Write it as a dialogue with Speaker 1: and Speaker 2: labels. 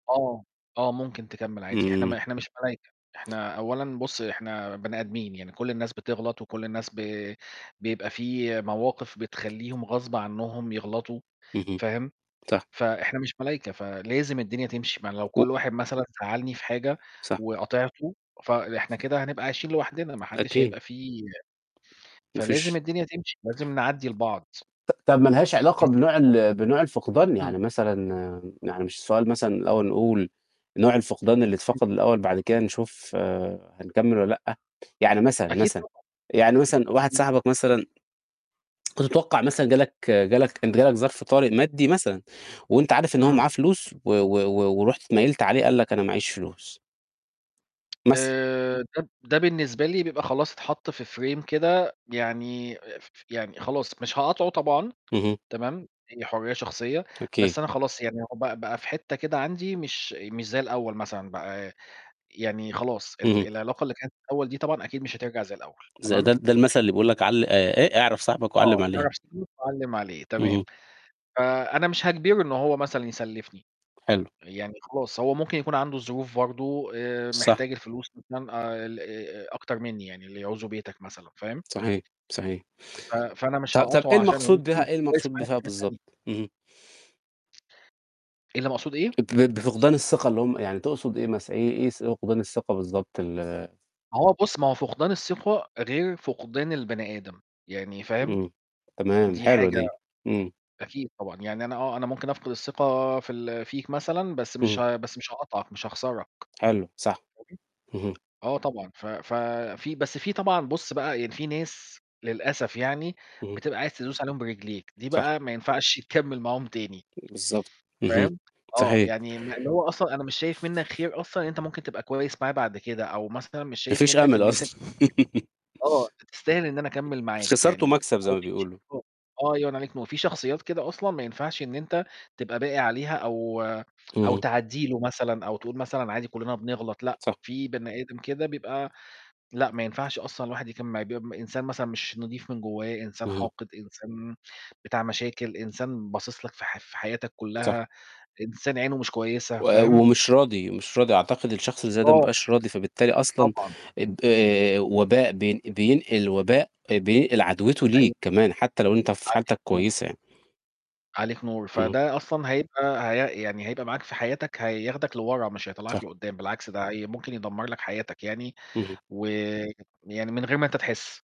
Speaker 1: آه. آه ممكن تكمّل عادي، إحنا
Speaker 2: امم.
Speaker 1: ما إحنا مش ملايكة، إحنا أولّا بُصّ إحنا بني آدميين، يعني كلّ الناس بتغلط و كلّ الناس ب بيبقى في مواقف بتخلّيهم غصب عنهم يغلطوا،
Speaker 2: اهم
Speaker 1: فاهم،
Speaker 2: صح.
Speaker 1: فإحنا مش ملايكة فلازم الدنيا تمشي، ما لو
Speaker 2: و
Speaker 1: كلّ واحد مثلًا زعلّني في حاجة
Speaker 2: صح.
Speaker 1: وقاطعته فإحنا كده هنبقى عايشين لوحدنا ما حدش
Speaker 2: أكيد.
Speaker 1: هيبقى في
Speaker 2: ما
Speaker 1: فلازم
Speaker 2: فيش
Speaker 1: الدنيا تمشي لازم نعدي لبعض.
Speaker 2: ط طب ما لهاش علاقة بنوع
Speaker 1: [unintelligible]
Speaker 2: ال بنوع الفقدان؟
Speaker 1: امم.
Speaker 2: يعني مثلًا آآ، يعني مش السؤال مثلًا الأول نقول، نوع الفقدان اللي
Speaker 1: [unintelligible]
Speaker 2: اتفقد الأول بعد كده نشوف آآ هنكمّل والَّا لأ؟ يعني مثلًا،
Speaker 1: أكيد
Speaker 2: مثلًا يعني
Speaker 1: طبعًا.
Speaker 2: مثلًا واحد
Speaker 1: [unintelligible]
Speaker 2: صاحبك مثلًا، كنت تتوقع مثلًا جه لك جه لك جه لك ظرف طارئ مادي مثلًا وأنت عارف إن هو
Speaker 1: إمم.
Speaker 2: معاه فلوس، و و ورُحت اتميّلت عليه قال لك أنا ما عيش فلوس. مثلًا.
Speaker 1: آآ ده ب ده بالنسبة لي بيبقى خلاص اتحط في frame كده يعني ف ف يعني خلاص مش هقاطعه طبعًا،
Speaker 2: اهم.
Speaker 1: تمام، هي حرية شخصية،
Speaker 2: أكيد.
Speaker 1: بس أنا خلاص يعني هو بقى بقى في حتّة كده عندي مش مش زي الأول مثلًا بقى، يعني خلاص ال
Speaker 2: اهم.
Speaker 1: العلاقة اللي كانت الأول دي طبعًا أكيد مش هترجع زي الأول.
Speaker 2: زي ده
Speaker 1: تمام؟
Speaker 2: ده المثل اللي بيقول لك عل آآ إيه؟ أعرف صاحبك وعلّم
Speaker 1: آه.
Speaker 2: عليه.
Speaker 1: أعرف صاحبك وعلِّم عليه تمام.
Speaker 2: اهم.
Speaker 1: فأنا مش هاجبره إن هو مثلًا يسلّفني،
Speaker 2: حلو.
Speaker 1: يعني خلاص هو ممكن يكون عنده ظروف برضه. آآ،
Speaker 2: صح.
Speaker 1: محتاج الفلوس مثلًا آآ ال أ أكتر مني يعني اللي يعوزه بيتك مثلًا. فاهم؟
Speaker 2: صحيح صحيح.
Speaker 1: ف فأنا مش
Speaker 2: طب طب إيه
Speaker 1: هاقاطعه عشان
Speaker 2: المقصود بيها
Speaker 1: [unintelligible]
Speaker 2: إيه المقصود بفيها
Speaker 1: يعني.
Speaker 2: بالضبط؟ اهم.
Speaker 1: اللي مقصود إيه؟
Speaker 2: ب بفقدان الثقة اللي هُم يعني تقصد إيه مثلًا؟ إيه إيه س فقدان الثقة بالضبط ال
Speaker 1: ما هو بُصّ، ما هو فقدان الثقة غير فقدان البني آدم، يعني فاهم،
Speaker 2: امم. تمام
Speaker 1: دي
Speaker 2: حلوة
Speaker 1: حاجة
Speaker 2: دي. امم.
Speaker 1: أكيد طبعًا يعني أنا آه أنا ممكن أفقد الثقة في ال فيك مثلًا، بس مش
Speaker 2: اهم.
Speaker 1: ه بس مش هاقاطعك مش هاخسرك،
Speaker 2: حلو صح
Speaker 1: [unintelligible]
Speaker 2: اهم.
Speaker 1: آه طبعًا ف ف في بس في طبعًا، بُص بقى يعني في ناس للأسف يعني
Speaker 2: اهم.
Speaker 1: بتبقى عايز تدّوس عليهم برجليك، دي
Speaker 2: صح.
Speaker 1: بقى ما ينفعش يتكمّل معاهم تاني،
Speaker 2: بالضبط. اهم.
Speaker 1: فاهم؟ آه،
Speaker 2: صحيح.
Speaker 1: يعني م اللي هو أصلًا أنا مش شايف منك خير أصلًا إن أنت ممكن تبقى كويس معايا بعد كده، أو مثلًا مش
Speaker 2: ما
Speaker 1: شايف
Speaker 2: فيش
Speaker 1: منك
Speaker 2: أمل
Speaker 1: إن أنت
Speaker 2: أصلًا.
Speaker 1: آه، أنت تستاهل إن أنا أكمّل معاك
Speaker 2: خسارته
Speaker 1: يعني
Speaker 2: مكسب زي ما
Speaker 1: [unintelligible]
Speaker 2: بيقولوا.
Speaker 1: آه الله ينوّر عليك نور، ما هو في شخصيات كده أصلًا ما ينفعش إن أنت تبقى باقي عليها أو أو
Speaker 2: اهم.
Speaker 1: تعدّي له مثلًا أو تقول مثلًا عادي كلنا بنغلط لأ،
Speaker 2: صح.
Speaker 1: في بني آدم كده بيبقى لأ ما ينفعش أصلًا الواحد يكمّل معاه، بيبقى إنسان مثلًا مش نضيف من جوّاه، إنسان
Speaker 2: اهم.
Speaker 1: حاقد إنسان بتاع مشاكل، إنسان باصص لك في ح في حياتك
Speaker 2: صح.
Speaker 1: كلّها، إنسان عينه مش كويسة.
Speaker 2: و
Speaker 1: فاهم؟
Speaker 2: ومش راضي، مش راضي أعتقد الشخص اللي زي ده ما
Speaker 1: آه.
Speaker 2: بيبقاش راضي فبالتالي أصلًا
Speaker 1: طبعًا.
Speaker 2: ب آآ وباء بين بينقل وباء بينقل عدوِته
Speaker 1: أيوه.
Speaker 2: ليك كمان، حتّى لو أنت في
Speaker 1: عليك
Speaker 2: حالتك
Speaker 1: نور.
Speaker 2: كويسة يعني.
Speaker 1: عليك نور.
Speaker 2: اهم.
Speaker 1: فده أصلًا هيبقى هي يعني هيبقى معاك في حياتك، هياخدك لورا مش
Speaker 2: صح.
Speaker 1: هيطلّعك لقدّام، بالعكس ده هي ممكن يدمر لك حياتك يعني
Speaker 2: اهم.
Speaker 1: و يعني من غير ما أنت تحس.